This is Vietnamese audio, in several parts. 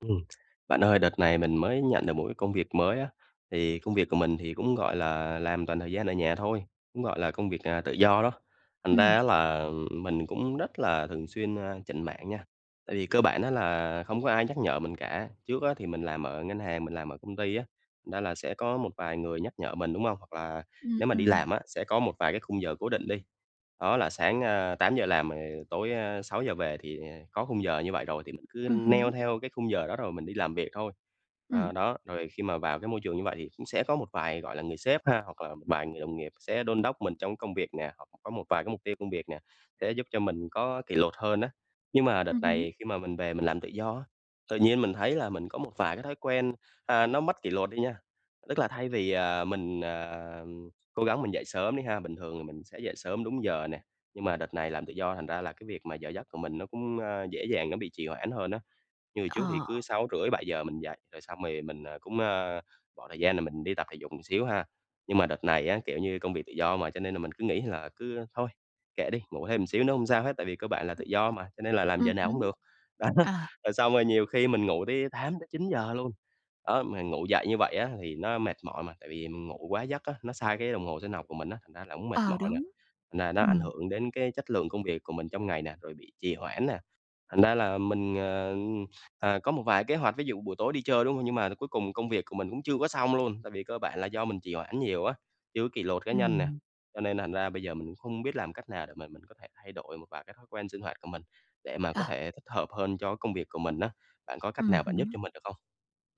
Ừm, bạn ơi đợt này mình mới nhận được một cái công việc mới á, thì công việc của mình thì cũng, gọi là, làm toàn thời gian ở nhà thôi, cũng, gọi là, công việc, à, tự do đó, thành ra Ừm. á là mình cũng rất là thường xuyên, a, chểnh mảng nha. Tại vì cơ bản á là không có ai nhắc nhở mình cả, trước á thì mình làm ở ngân hàng mình làm ở công ty á, thành ra là sẽ có một vài người nhắc nhở mình, đúng hông? Hoặc là Ừm, nếu mà đi ừm. làm á, sẽ có một vài cái khung giờ cố định đi, đó là sáng, a, 8:00 làm, rồi tối, a, 6:00 về thì có khung giờ như vậy rồi thì mình cứ Ừ neo hứ. theo cái khung giờ đó rồi mình đi làm việc thôi. Ừm. À, đó, rồi khi mà vào cái môi trường như vậy thì cũng sẽ có một vài, gọi là, người sếp ha, hoặc là một vài người đồng nghiệp sẽ đôn đốc mình trong công việc nè, hoặc có một vài cái mục tiêu công việc nè, sẽ giúp cho mình có kỷ luật hơn á. Nhưng mà Ừ đợt hứ. này khi mà mình về mình làm tự do á, tự nhiên mình thấy là mình có một vài cái thói quen, a, nó mất kỷ luật đi nha, tức là thay vì, à, mình, à, cố gắng mình dậy sớm đi ha, bình thường thì mình sẽ dậy sớm đúng giờ nè. Nhưng mà đợt này làm tự do thành ra là cái việc mà giờ giấc của mình nó cũng, a, dễ dàng nó bị trì hoãn hơn á. Như hồi trước thì Ờ. cứ 6:30-7:00 mình dậy rồi xong rồi mình, ờ, cũng, ơ, bỏ thời gian là mình đi tập thể dục một xíu ha. Nhưng mà đợt này á, kiểu như, công việc tự do mà cho nên là mình cứ nghĩ là cứ: "Thôi kệ đi, ngủ thêm một xíu nữa hông sao hết," tại vì cơ bạn là tự [unintelligible] do mà, cho nên là làm Ừ giờ hứ. nào cũng được, đó. À. Rồi xong rồi nhiều khi mình ngủ tới 8:00-9:00 luôn, đó. Mình ngủ dậy như vậy á thì nó mệt mỏi mà, tại vì mình ngủ quá giấc á, nó sai cái đồng hồ sinh học của mình á, thành ra là cũng mệt Ờ, mỏi nè, đúng, nà nó ảnh ừm. hưởng đến cái chất lượng công việc của mình trong ngày nè, rồi bị trì hoãn nè. Thành ra là mình, ờ, ừ, à, có một vài kế hoạch ví dụ buổi tối đi chơi, đúng hông? Nhưng mà cuối cùng công việc của mình cũng chưa có xong luôn, tại vì cơ bản là do mình trì hoãn nhiều á, chưa có kỷ luật cá nhân nè. Ừm. Cho nên là thành ra bây giờ mình không biết làm cách nào để mà mình có thể thay đổi một vài cái thói quen sinh hoạt của mình, để mà có Ờ. thể thích hợp hơn cho cái công việc của mình á. Bạn có Ừ cách nào hứ. bạn giúp cho mình được không?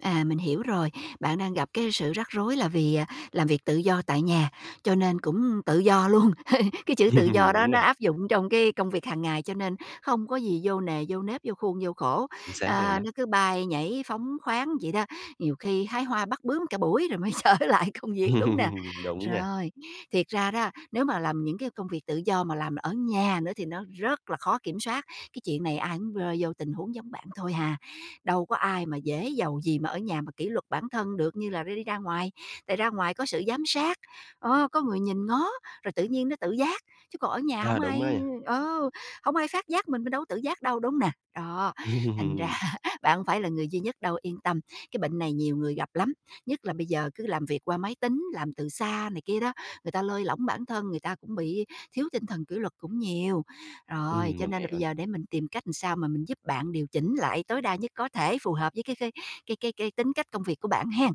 À, mình hiểu rồi. Bạn đang gặp cái sự rắc rối là vì, à, làm việc tự do tại nhà, cho nên cũng tự do luôn. Cái chữ tự do đó Đúng nó nè. áp dụng trong cái công việc hàng ngày, cho nên không có gì vô nề, vô nếp, vô khuôn, vô khổ. Chính xác luôn Ờ, đó. nó cứ bay nhảy phóng khoáng vậy đó, nhiều khi hái hoa bắt bướm cả buổi rồi mới trở lại công việc, đúng nè? Đúng nha. Rồi, thiệt ra đó, nếu mà làm những cái công việc tự do mà làm ở nhà nữa thì nó rất là khó kiểm soát. Cái chuyện này ai cũng rơi vô tình huống giống bạn thôi hà. Đâu có ai mà dễ dầu gì mà ở nhà mà kỷ luật bản thân được như là đi đi ra ngoài. Tại ra ngoài có sự giám sát, ờ, có người nhìn ngó, rồi tự nhiên nó tự giác, chứ còn ở nhà À, hổng đúng đó ai nha. ờ, hổng ai phát giác mình, mình đâu có tự giác đâu, đúng hông nè, đó. Thành ra bạn hông phải là người duy nhất đâu, yên tâm. Cái bệnh này nhiều người gặp lắm, nhất là bây giờ cứ làm việc qua máy tính, làm từ xa này kia đó, người ta lơi lỏng bản thân, người ta cũng bị thiếu tinh thần kỷ luật cũng nhiều. Rồi, Ừm, cho mình nên là hiểu bây nè. giờ để mình tìm cách làm sao mà mình giúp bạn điều chỉnh lại tối đa nhất có thể, phù hợp với cái cái cái cái cái tính cách công việc của bạn hen.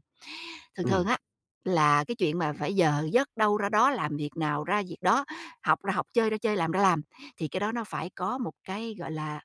Thường thường Ừm. á, là cái chuyện mà phải giờ giấc đâu ra đó, làm việc nào ra việc đó, học ra học, chơi ra chơi, làm ra làm, thì cái đó nó phải có một cái, gọi là,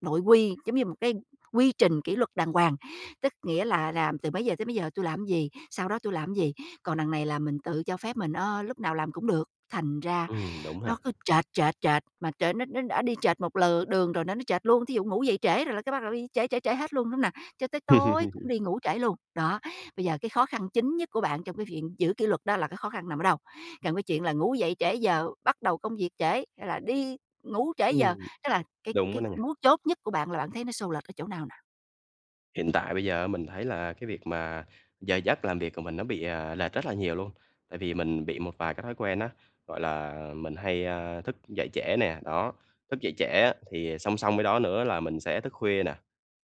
nội quy, giống như một cái quy trình kỷ luật đàng hoàng, tức nghĩa là làm từ mấy giờ tới mấy giờ tui làm gì, sau đó tui làm gì. Còn đằng này là mình tự cho phép mình, ơ, lúc nào làm cũng được, thành ra Ừm, đúng ha! nó cứ chệch, chệch, chệch, mà trời, nó nó đã đi chệch một lượt đường rồi nó nó chệch luôn. Thí dụ ngủ dậy trễ rồi cái bắt đầu nó đi trễ, trễ, trễ hết luôn, đúng không nào? Cho tới tối cũng đi ngủ trễ luôn, đó. Bây giờ cái khó khăn chính nhất của bạn trong cái viện giữ kỷ luật đó là cái khó khăn nằm ở đâu? Còn cái chuyện là ngủ dậy trễ giờ, bắt đầu công việc trễ, hay là đi ngủ trễ giờ, Ừm, tức là cái đúng quá cái n nè. mấu chốt nhất của bạn là bạn thấy nó xô lệch ở chỗ nào nào? Hiện tại bây giờ á mình thấy là cái việc mà giờ giấc làm việc của mình nó bị, à, lệch rất là nhiều luôn, tại vì mình bị một vài cái thói quen á, gọi là mình hay, a, thức dậy trễ nè. Đó, thức dậy trễ á thì song song với đó nữa là mình sẽ thức khuya nè.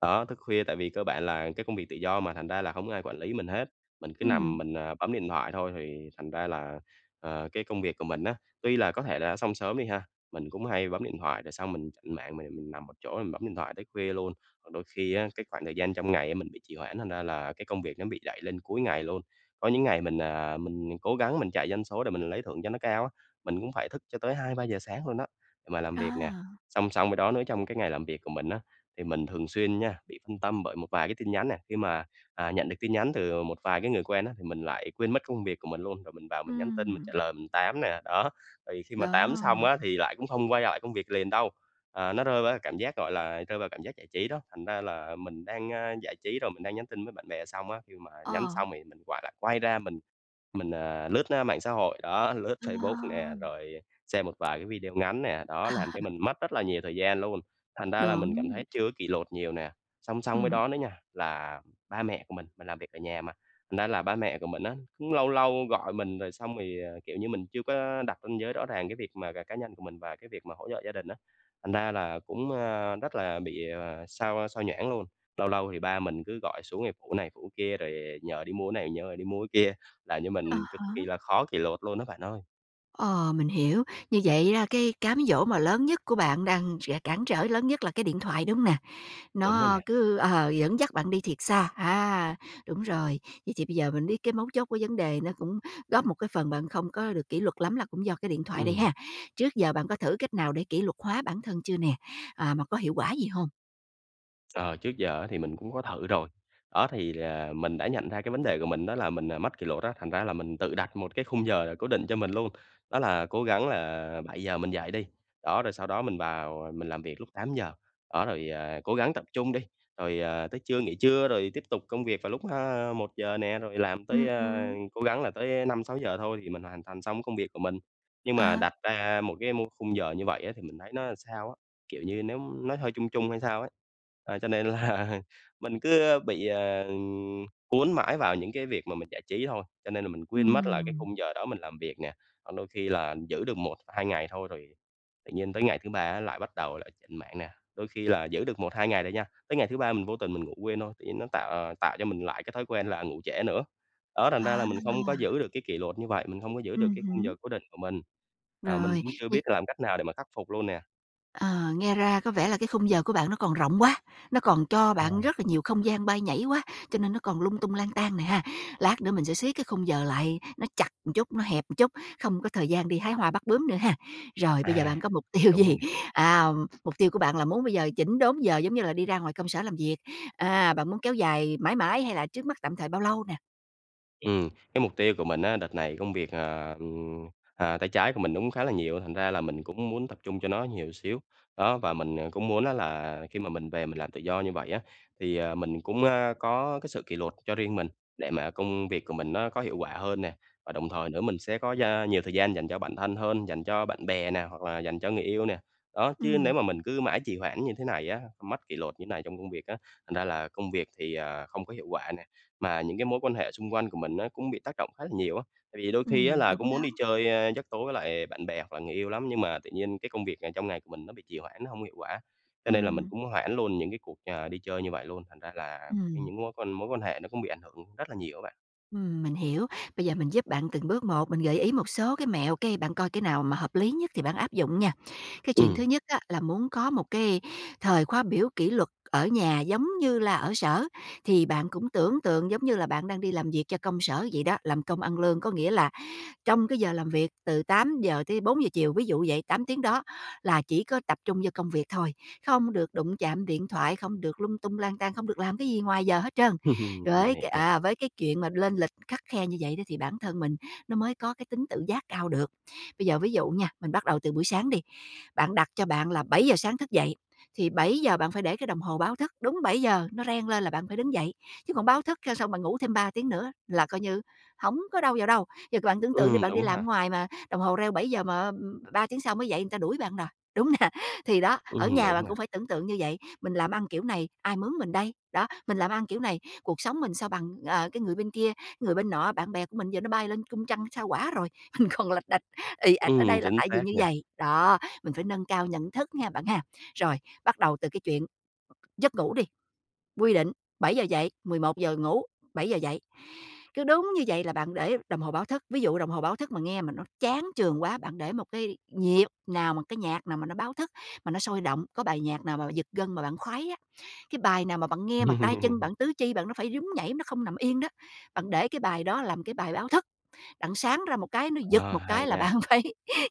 Đó, thức khuya tại vì cơ bản là cái công việc tự do mà, thành ra là hông có ai quản lý mình hết, mình cứ nằm Ừm. mình bấm điện thoại thôi thì thành ra là, ờ, cái công việc của mình á, tuy là có thể là đã xong sớm đi ha, mình cũng hay bấm điện thoại rồi xong mình chểnh mảng m mình nằm một chỗ mình bấm điện thoại tới khuya luôn. Ờ, đôi khi á cái khoảng thời gian trong ngày mình bị trì hoãn thành ra là cái công việc nó bị đẩy lên cuối ngày luôn. Có những ngày mình, à, mình cố gắng mình chạy doanh số để mình lấy thưởng cho nó cao á, mình cũng phải thức cho tới 2:00-3:00 sáng luôn á, mà làm việc nè. À. Song song với đó nữa trong cái ngày làm việc của mình á thì mình thường xuyên nha bị phân tâm bởi một vài cái tin nhắn nè, khi mà, à, nhận được tin nhắn từ một vài cái người quen á, mình lại quên mất công việc của mình luôn, rồi mình vào mình nhắn tin, mình Ừm. trả lời, mình tám nè. Đó, thì khi mà tám Đó. xong á thì lại cũng không quay lại công việc liền đâu, à, nó rơi qua cái cảm giác gọi là rơi vào cảm giác giải trí đó. Thành ra là mình đang giải trí rồi mình đang nhắn tin với bạn bè xong á, khi mà nhắn Ờ. xong thì mình quạ lại quay ra mình mình, à, lướt, a, mạng xã hội, đó, lướt Ờ. Facebook nè, rồi xem một vài cái video ngắn nè, đó, làm cho mình mất rất là nhiều thời gian luôn, thành ra là mình cảm Đúng. thấy chưa có kỷ luật nhiều nè. Song song với Ừm. đó nữa nha là ba mẹ của mình, mình làm việc ở nhà mà, nên là ba mẹ của mình á cũng lâu lâu gọi mình rồi xong thì kiểu như mình chưa có đặt ranh giới rõ ràng cái việc mà c cá nhân của mình và cái việc mà hỗ trợ gia đình á, thành ra là cũng, a, rất là bị sao sao nhãng luôn. Lâu lâu thì ba mình cứ gọi xuống để phụ này, phụ kia rồi nhờ đi mua cái này nhờ đi mua cái kia, làm cho À mình cực há. kì là khó kỷ luật luôn á bạn ơi. Ờ. Mình hiểu. Như vậy đó là cái cám dỗ mà lớn nhất của bạn đang sẽ cản trở lớn nhất là cái điện thoại, đúng hông nè? Đúng rồi Nó nè. cứ ờ, dẫn dắt bạn đi thật xa. A, đúng rồi. Vậy thì bây giờ mình biết cái mấu chốt của vấn đề nó cũng góp một cái phần bạn không có được kỷ luật lắm là cũng do cái điện thoại đây Ừm. ha. Trước giờ bạn có thử cách nào để kỷ luật hóa bản thân chưa nè? À, mà có hiệu quả gì hông? Ờ, trước giờ á thì mình cũng có thử rồi. Đó, thì là mình đã nhận ra cái vấn đề của mình đó là mình, à, mất kỷ luật á, thành ra á là mình tự đặt một cái khung giờ cố định cho mình luôn, đó là cố gắng là 7:00 mình dậy đi, đó, rồi sau đó mình vào mình làm việc lúc 8:00. Đó, rồi, ờ, cố gắng tập trung đi, rồi, ờ, tới trưa nghỉ trưa rồi tiếp tục công việc vào lúc, a, 1:00 nè rồi làm tới, Ừm, à, ừm. cố gắng là tới 5:00-6:00 thôi thì mình hoàn thành xong cái công việc của mình. Nhưng mà Ờ. đặt ra một cái mô khung giờ như vậy á thì mình thấy nó làm sao á, kiểu như nếu nó hơi chung chung hay sao á. À, cho nên là mình cứ bị, ờ, cuốn mãi vào những cái việc mà mình giải trí thôi, cho nên là mình quên mất là cái Ừm. khung giờ đó mình làm việc nè. Còn đôi khi là giữ được 1 hoặc 2 ngày thôi rồi tự nhiên tới ngày thứ 3 á lại bắt đầu lại chểnh mảng nè. Đôi khi là giữ được 1, 2 ngày rồi nha, tới ngày thứ 3 mình vô tình mình ngủ quên thôi, tự nhiên nó tạo tạo cho mình lại cái thói quen là ngủ trễ nữa. Đó, thành ra là À. mình không có giữ được cái kỷ luật như vậy, mình hông có giữ được Ừm cái khung giờ hứm. cố định của mình, ờ, mình Rồi, cũng chưa biết như là làm cách nào để mà khắc phục luôn nè. Ờ, nghe ra có vẻ là cái khung giờ của bạn nó còn rộng quá, nó còn cho À. bạn rất là nhiều không gian bay nhảy quá, cho nên nó còn lung tung, lang tang nè ha. Lát nữa mình sẽ siết cái khung giờ lại, nó chặt một chút, nó hẹp một chút, không có thời gian đi hái hoa bắt bướm nữa ha. Rồi bây giờ À, bạn có mục tiêu đúng rồi gì? nè. À, mục tiêu của bạn là muốn bây giờ chỉnh đốn giờ giống như là đi ra ngoài công sở làm việc, à, bạn muốn kéo dài mãi mãi hay là trước mắt tạm thời bao lâu nè? Ừm, cái mục tiêu của mình á đợt này công việc, ờ, ừm, ờ, tay trái của mình nó cũng khá là nhiều, thành ra là mình cũng muốn tập trung cho nó nhiều xíu. Đó, và mình, à, cũng muốn á là khi mà mình về mình làm tự do như vậy á thì, ờ, mình cũng, a, có cái sự kỷ luật cho riêng mình để mà công việc của mình nó có hiệu quả hơn nè. Và đồng thời nữa mình sẽ có gia nhiều thời gian dành cho bản thân hơn, dành cho bạn bè nè, hoặc là dành cho người yêu nè. Đó, chứ Ừm. nếu mà mình cứ mãi trì hoãn như thế này á, mất kỷ luật như này trong công việc á, thành ra là công việc thì, à, không có hiệu quả nè, mà những cái mối quan hệ xung quanh của mình á cũng bị tác động khá là nhiều á. Tại vì đôi khi á Ừm, là đúng cũng muốn đó. đi chơi, a, giấc tối với lại bạn bè hoặc là người yêu lắm, nhưng mà tự nhiên cái công việc ngày trong ngày của mình nó bị trì hoãn, nó hông hiệu quả. Cho nên là mình Ừm. cũng hoãn luôn những cái cuộc, à, đi chơi như vậy luôn, thành ra là cái Ừm. những mối quan mối quan hệ nó cũng bị ảnh hưởng rất là nhiều á bạn. Ừm, mình hiểu. Bây giờ mình giúp bạn từng bước một, mình gợi ý một số cái mẹo, cái bạn coi cái nào mà hợp lý nhất thì bạn áp dụng nha. Cái chuyện Ừm. thứ nhất á là muốn có một cái thời khóa biểu kỷ luật ở nhà giống như là ở sở thì bạn cũng tưởng tượng giống như là bạn đang đi làm việc cho công sở vậy đó, làm công ăn lương. Có nghĩa là trong cái giờ làm việc từ 8:00 tới 4:00 chiều, ví dụ vậy, 8 tiếng đó, là chỉ có tập trung vô công việc thôi, không được đụng chạm điện thoại, không được lung tung lang tang, không được làm cái gì ngoài giờ hết trơn. Mình Với hiểu cái, nè. à, với cái chuyện mà lên lịch khắt khe như vậy đó thì bản thân mình nó mới có cái tính tự giác cao được. Bây giờ ví dụ nha, mình bắt đầu từ buổi sáng đi, bạn đặt cho bạn là 7:00 sáng thức dậy, thì 7:00 bạn phải để cái đồng hồ báo thức, đúng 7:00 nó reng lên là bạn phải đứng dậy. Chứ bạn báo thức cho xong bạn ngủ thêm 3 tiếng nữa là coi như hổng có đâu vào đâu. Giờ bạn tưởng tượng đi, Ừm, bạn đi đúng làm ở ha. ngoài mà đồng hồ reo 7:00 mà, á, ừm, 3 tiếng sau mới dậy người ta đuổi bạn rồi, đúng hông nè? Thì đó, ở Ừm, nhà đúng bạn nè. cũng phải tưởng tượng như vậy. Mình làm ăn kiểu này, ai mướn mình đây? Đó, mình làm ăn kiểu này, cuộc sống mình sao bằng, ờ, cái người bên kia, cái người bên nọ? Bạn bè của mình giờ nó bay lên cung trăng, Sao Hỏa rồi, mình còn lạch đạch, ì ạch ở Ừm, đây là chính tại vì xác như nha. vầy. Đó, mình phải nâng cao nhận thức nha bạn ha. Rồi, bắt đầu từ cái chuyện giấc ngủ đi, quy định, 7:00 dậy, 11:00 ngủ, 7:00 dậy. Cứ đúng như vậy là bạn để đồng hồ báo thức. Ví dụ đồng hồ báo thức mà nghe mà nó chán chường quá, bạn để một cái nhịp nào mà cái nhạc nào mà nó báo thức, mà nó sôi động, có bài nhạc nào mà giật gân mà bạn khoái á, cái bài nào mà bạn nghe mà tay chân bạn, tứ chi bạn nó phải nhún nhảy, nó không nằm yên đó, bạn để cái bài đó làm cái bài báo thức. Đặng sáng ra một cái, nó giật Ờ, một hay cái là nha. bạn phải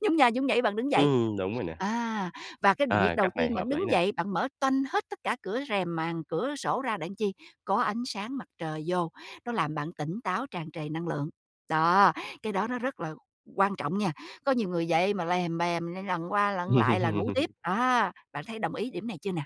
nhún nha nhún nhảy, bạn đứng dậy. Ừm, đúng rồi nè. À, và cái việc Ờ, đầu cách này tiên bạn hợp đứng lý nè. dậy, bạn mở toanh hết tất cả cửa rèm, màn cửa sổ ra đặng chi? Có ánh sáng mặt trời vô, nó làm bạn tỉnh táo, tràn trề năng lượng. Đó, cái đó nó rất là quan trọng nha. Có nhiều người dậy mà lèm bèm, lặn qua lặn lại là ngủ tiếp, đó. Bạn thấy đồng ý điểm này chưa nè?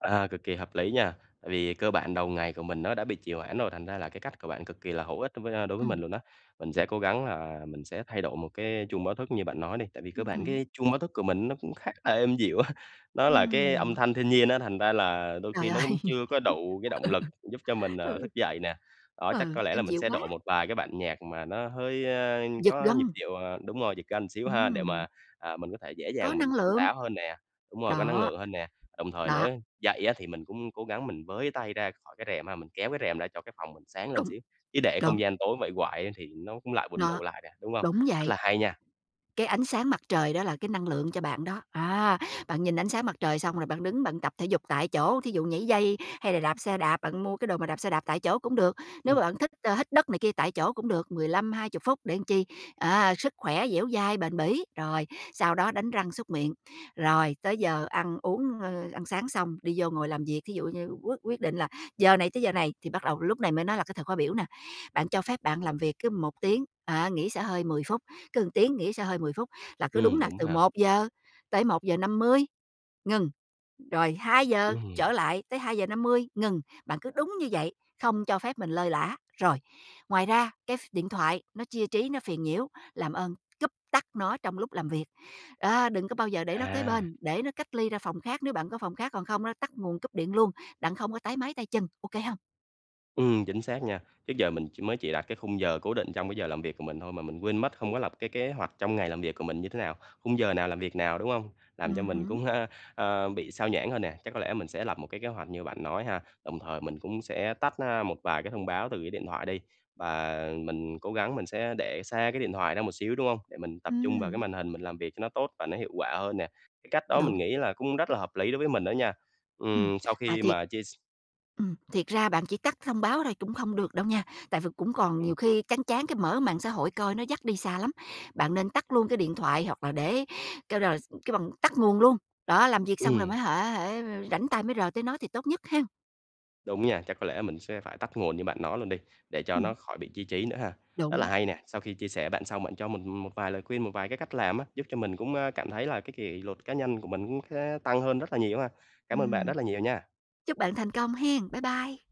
À, cực kỳ hợp lý nha. Tại vì cơ bản đầu ngày của mình nó đã bị trì hoãn rồi, thành ra là cái cách của bạn cực kỳ là hữu ích đối với, a, đối với mình Ừm. luôn á. Mình sẽ cố gắng là mình sẽ thay đổi một cái chuông báo thức như bạn nói đi, tại vì cơ Ừm bản hứm. cái chuông báo thức của mình nó cũng khá là êm dịu á, nó là cái âm Ừm. thanh thiên nhiên á, thành ra là đôi Trời khi nó ơi! cũng chưa có đủ cái động lực giúp cho mình, Ừ. ờ, Ừ. thức dậy nè. Đó, chắc Ừ, có lẽ là êm mình dịu sẽ quá. đổi một vài cái bản nhạc mà nó hơi, a, Giật có nhịp gân. điệu, ờ đúng rồi, giật gân xíu ha, để mà, Ừm. à, mình có thể dễ Có dàng mình năng tỉnh lượng. táo hơn nè. Đúng rồi, có năng Đó. lượng hơn nè. Đồng thời nữa Đó. ấy, dậy á thì mình cũng cố gắng mình với tay ra khỏi cái rèm ha, mình kéo cái rèm ra cho cái phòng mình sáng lên Đúng. xíu, chứ để Đúng. không gian tối vậy hoài thì nó cũng lại buồn Nó. ngủ lại nè, đúng hông? Đúng Rất vậy. là hay nha. Cái ánh sáng mặt trời đó là cái năng lượng cho bạn đó. À, bạn nhìn ánh sáng mặt trời xong rồi bạn đứng bạn tập thể dục tại chỗ, thí dụ nhảy dây hay là đạp xe đạp, bạn mua cái đồ mà đạp xe đạp tại chỗ cũng được. Nếu mà Ừm. bạn thích, a, hít đất này kia tại chỗ cũng được, 15-20 phút để làm chi, à, sức khỏe dẻo dai, bền bỉ. Rồi, sau đó đánh răng súc miệng, rồi tới giờ ăn uống, ơ, ăn sáng xong đi vô ngồi làm việc. Thí dụ như quyết quyết định là giờ này tới giờ này thì bắt đầu lúc này mới nói là cái thời khóa biểu nè, bạn cho phép bạn làm việc cứ một tiếng, á, nghỉ xả hơi 10 phút, cứ một tiếng nghỉ xả hơi 10 phút, là cứ đúng Ừm, nà đúng từ ha. 1:00-1:50 ngừng, rồi 2:00 Ừm. trở lại tới 2:50 ngừng. Bạn cứ đúng như vậy, không cho phép mình lơi lả. Rồi, ngoài ra, cái ph điện thoại nó chia trí, nó phiền nhiễu, làm ơn, cúp tắt nó trong lúc làm việc. Đó, đừng có bao giờ để nó kế À. bên, để nó cách ly ra phòng khác nếu bạn có phòng khác, còn không á tắt nguồn cúp điện luôn, đặng không á, táy máy tay chân. Ô kê hông? Ừm, chính xác nha. Trước giờ mình chỉ mới chỉ đặt cái khung giờ cố định trong cái giờ làm việc của mình thôi mà mình quên mất hông có lập cái kế hoạch trong ngày làm việc của mình như thế nào, khung giờ nào làm việc nào, đúng hông? Làm cho Ừm mình hứm. cũng, a, a, bị xao nhãng hơn nè, chắc có lẽ mình sẽ lập một cái kế hoạch như bạn nói ha, đồng thời mình cũng sẽ tắt, a, một vài cái thông báo từ cái điện thoại đi và mình cố gắng mình sẽ để xa cái điện thoại ra một xíu, đúng hông? Để mình tập trung vào cái Ừm. màn hình mình làm việc cho nó tốt và nó hiệu quả hơn nè. Cái cách đó Đúng. mình nghĩ là cũng rất là hợp lý đối với mình đó nha. Ừm, Ừm, sau mà khi thiệt mà chia s Ừm, thiệt ra bạn chỉ tắt thông báo thôi cũng không được đâu nha, tại vì cũng còn nhiều Ừm. khi chán chán cái mở mạng xã hội coi nó dắt đi xa lắm. Bạn nên tắt luôn cái điện thoại hoặc là để kêu là s kêu bằng tắt nguồn luôn. Đó, làm việc xong rồi Ừm. mới hả hả, ơ, rảnh tay mới rờ tới nó thì tốt nhất hen. Đúng nha, chắc có lẽ mình sẽ phải tắt nguồn như bạn nói luôn đi để cho Ừm. nó khỏi bị chia trí nữa ha. Rất là Đúng. hay nè, sau khi chia sẻ bạn xong, bạn cho mình, ừm, một một vài lời khuyên, một vài cái cách làm á, giúp cho mình cũng, a, cảm thấy là cái kỷ luật cá nhân của mình cũng khá tăng hơn rất là nhiều ha. Cám ơn bạn Ừm. rất là nhiều nha. Chúc bạn thành công hen. Bye bye!